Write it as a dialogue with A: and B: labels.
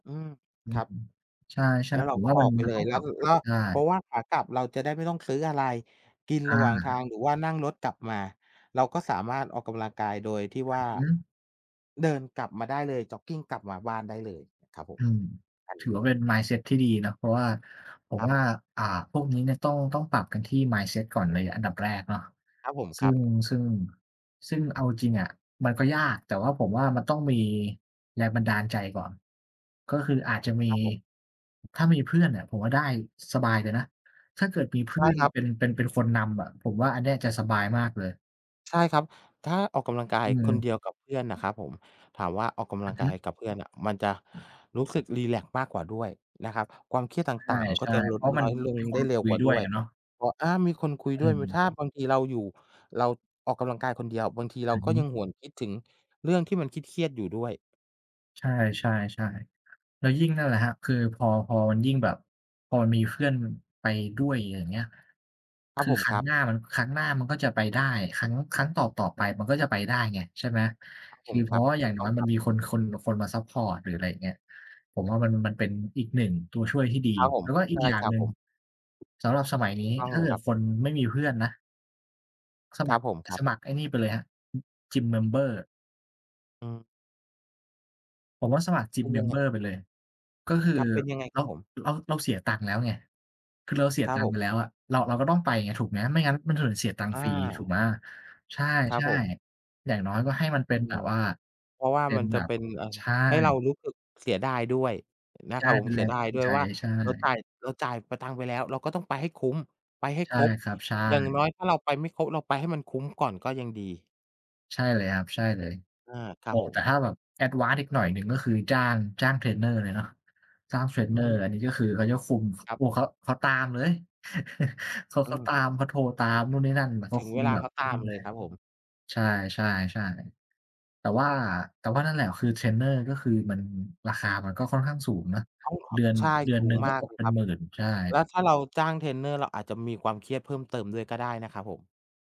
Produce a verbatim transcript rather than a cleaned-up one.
A: อืม
B: อื
A: ครั
B: ม
A: บ
B: ใช
A: แ
B: ่
A: ล้ว
B: ๆ
A: เ
B: ผ
A: รา
B: ม
A: ก
B: ว
A: ็
B: ่า
A: อ
B: มั
A: อ
B: น
A: กไป
B: มั
A: เ
B: น
A: ล
B: ต้อ
A: ย
B: ง
A: แล้
B: ปร
A: ว
B: ับ
A: สรุปก็
B: ได้
A: เพราะว่าขากลับเราจะได้ไม่ต้องซื้ออะไรกิน
B: อ
A: ระ
B: า
A: หว่างทาง หรือว่านั่งรถกลับมา เราก็สามารถออกกำลังกายโดยที่
B: อ
A: ว่า
B: ือฮึ
A: เดินกลับมาได้เลย จ็อกกิงกลับมาบ้านได้เลย ครับผ
B: อื
A: ม
B: ม
A: เอ
B: ถือว่
A: อ
B: าเป็น mindset ที่ดีนะ เพราะว่า ผม
A: ครั
B: ว่า
A: บ
B: อ่า พวกนี้เนี่ยต้อง ต้องปรับกันที่ mindset ก่อนเลยอันดับแรกเนาะ
A: ครับผม
B: ซ
A: ค
B: ึ
A: ร
B: ่
A: ับ
B: ง ซึ่ง ซึ่งเอาจริงอะมันก็ยาก แต่ว่าผมว่ามันต้องมีแรงบันดาลใจก่อน ก็คืออาจจะมี
A: ครับผม
B: ถ้ามีเพื่อนเนี่ย ผมว่าได้สบายเลยนะ ถ้าเกิดมีเพ
A: ใช
B: ื่
A: ่
B: อน
A: ครับ
B: เป็น เป็น เป็นคนนำอะ ผมว่าอันเนี้ยจะสบายมากเลย
A: ใช่ครับ ถ้าออกกำลังกา
B: อ
A: ยคน
B: ืม
A: เดียวกับเพื่อนน่ะครับผม ถามว่าออกก
B: อ
A: ำ
B: ื
A: ลั
B: อ
A: ง
B: ฮ
A: กา
B: ึ
A: ยกับเพื่อนน่ะ มันจะ
B: อืม
A: รู้สึกรีแลกซ์มากกว่าด้วยนะครับ ความเครียดต
B: ใ
A: ่าง ๆ มันก
B: ช
A: ็จ
B: ่
A: ะ
B: ๆ
A: ล
B: เพ
A: ด
B: ราะ
A: น
B: ม
A: ้
B: ัน
A: อยลง
B: มีค
A: ได้
B: น
A: เร
B: ค
A: ็ว
B: ุย
A: กว่า
B: ด้
A: ด
B: วย
A: ้วย
B: อะเนาะ
A: พอ อา มีคนคุย
B: อ
A: ด้วย มัน
B: ืม
A: ถ้าบางทีเราอยู่ เราออกกำลังกายคนเดียว บางทีเร
B: อ
A: า
B: ือ
A: ก
B: ฮ
A: ็
B: ึ
A: ยังหวนคิดถึงเรื่องที่มันเครียด ๆ อยู่ด้วย
B: ใช่ ๆ ๆ แล้วยิ่ง นั่นแหละครับ คือพอ พอมันยิ่งแบบ พอมันมีเพื่อนไปด้วย ย อย่างเงี้ย
A: คร
B: ค
A: ับ
B: ือ
A: ผม
B: คร
A: ค
B: ั้
A: ร
B: ง
A: ับ
B: หน้ามัน ครั้งหน้ามันก็จะไปได้ ครั้ง ครั้งต่อ ๆ ไปมันก็จะไปได้ไง ใช่ไหม
A: ครับ
B: ค
A: ผ
B: ือ
A: ม
B: เพ
A: ค
B: ร
A: ร
B: า
A: ั
B: ะ
A: บ
B: ว่าอ
A: ถ
B: ย่
A: ู
B: าง
A: ก
B: น
A: ต
B: ้
A: ้
B: อ
A: อ
B: ย
A: งค
B: มั
A: ร
B: น
A: ับ
B: มีคน คน คนมาซัปพอร์ต หรืออะไรเงี้ย ผมว่ามัน มันเป็นอีก หนึ่ง ตัวช่วยที่ดี
A: ครับผ
B: แ
A: ม
B: ล้วก็อ
A: ใ
B: ี
A: ช
B: ก
A: ่
B: อย่า
A: ค
B: ง
A: รับ
B: หนึ่
A: ผ
B: ง
A: ม
B: สำหรับสมัยน
A: ถ
B: ี้
A: ูกต้อง
B: ถ้า
A: เล
B: เก
A: ย
B: ิ
A: ค
B: ด
A: รับ
B: คนไม่มีเพื่อนนะ ส
A: ค
B: ม
A: ร
B: ั
A: ับ
B: คร
A: ผม ครั
B: ส
A: บ
B: มัครไอ้นี่ไปเลยครับ Gym member
A: อือ
B: ผมว่าสมัคร
A: เป
B: Gym
A: ็นยังไง
B: member
A: อ?
B: ไปเลย ก็คือ
A: ครับ เป็นยังไง
B: เร
A: ครั
B: า
A: บผม?
B: เรา เราเสียตังค์แล้วไง คือเราเสี
A: ค
B: ย
A: รั
B: ต
A: บ
B: ัง
A: ผ
B: ค์ไ
A: ม
B: ปแล้วอะ เรา เราก็ต้องไปไง ถูกไหม ไม่งั้นมันจะเหมือนเสียตังค
A: อ
B: ์ฟรี ถูก
A: า
B: ไหม ใช
A: ครับ
B: ่
A: ผม
B: ๆ อย่างน้อยก็ให้มันเ
A: อ
B: ป
A: ื
B: ็นแบบ
A: ม
B: ว่า
A: เพราะว่า
B: เป็
A: มั
B: น
A: นจะ
B: แบ
A: เ
B: บ
A: ป็น เอ่อ
B: ใช่
A: ให้เรารู้สึกเสียดายด้วยนะ
B: ใช
A: คร
B: ่
A: ับผ
B: เป
A: ม
B: ็น
A: เ
B: แ
A: สี
B: ร
A: ย
B: ง
A: ดา
B: จ
A: ย
B: ูง
A: ด้วย
B: ใจ
A: ว่า
B: ใช
A: เรา
B: ่
A: จ่าย เราจ่าย ป ตังค์ไปแล้ว เราก็ต้องไปให้คุ้ม ไปให้
B: ใช
A: ค
B: ่
A: รบ
B: ครับ ใช่
A: อย่างน้อยถ้าเราไปไม่ครบ เราไปให้มันคุ้มก่อนก็ยังดี
B: ใช่เลยครับ ใช่เลย
A: อา ค
B: โ
A: ร
B: อ
A: ั
B: ้
A: บผ
B: แต่
A: ม
B: ถ้าแบบ advance อีกหน่อยหนึ่ง ก็คือจ้าง จ้างเทรนเนอร์เลยเนาะ จ้างเทรน
A: อ
B: เ
A: ื
B: น
A: อ
B: อ
A: ฮ
B: ร์
A: ึ
B: อันนี้ก็คือเขาจะฟุม ค
A: ครับ
B: โอ้โฮ เขา เขาตามเลย เขา
A: อ
B: เ
A: ื
B: ขาต
A: ม
B: าม เขาโทรตามนู่นนี่นั่น บ เข
A: ถ
B: า
A: ึง
B: ค
A: เ
B: ุ
A: ว
B: ม
A: ลา
B: แบ
A: เข
B: บ
A: าต
B: อื
A: า
B: ม
A: มเล
B: เล
A: ย
B: ย
A: ครับผม
B: ใช่ ๆ ๆ แต่ว่า แต่ว่านั่นแหละ คือเทรนเนอร์ ก็คือมัน ราคามันก็ค่อนข้างสูงเนาะ เดือน
A: ใช่
B: เดือ
A: ส
B: น
A: ู
B: หนึ
A: ง
B: ่งก
A: ม
B: ็
A: า
B: ต
A: กเ
B: ก
A: ลย
B: เป็
A: ค
B: น
A: รับ
B: หมื่น ใช่
A: แล้วถ้าเราจ้างเทรนเนอร์ เราอาจจะมีความเครียดเพิ่มเติมด้วยก็ได้นะครับผม